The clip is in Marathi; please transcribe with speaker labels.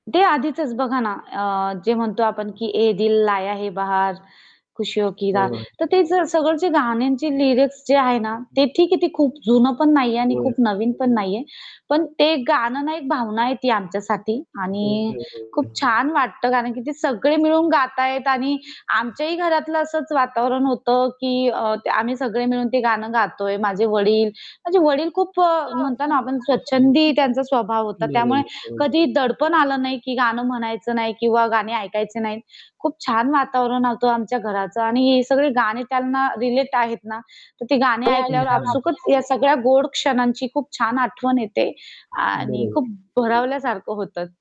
Speaker 1: ते आधीचच बघा ना अ, जे म्हणतो आपण की ये दिल लाया है बाहर खुशी हो की रा
Speaker 2: होय, होय.
Speaker 1: तर ते सगळं जे गाण्यांची लिरिक्स जे आहे ना ते
Speaker 2: [unintelligible]
Speaker 1: ठीक आहे, ती खूप जुनं पण नाहीये आणि
Speaker 2: होय.
Speaker 1: खूप नवीन पण नाहीये. पण ते गाणं ना एक भावना आहे ती आमच्यासाठी आणि खूप
Speaker 2: [unintelligible]
Speaker 1: छान वाटतं कारण की ते सगळे मिळून गातायत आणि आमच्याही घरातलं असंच वातावरण होतं की अ, त आम्ही सगळे मिळून ते गाणं गातोय, माझे वडील. माझे वडील खूप अ, म्हणतो ना, आपण स्वच्छंदी त्यांचा स्वभाव होता. त्यामुळे
Speaker 2: बरोबर, हं.
Speaker 1: कधी दडपण आलं नाही की गाणं म्हणायचं नाही किंवा गाणे ऐकायचे नाहीत. खूप छान वातावरण होतं आमच्या घराचं आणि ही सगळी गाणी त्यांना रिलेट आहेत ना, तर ते गाणे
Speaker 2: हं,
Speaker 1: ऐकल्यावर
Speaker 2: हं, हं.
Speaker 1: आपसूकच या सगळ्या गोड क्षणांची खूप छान आठवण येते. आणि
Speaker 2: बरोबर.
Speaker 1: खूप भरावल्यासारखं होतं.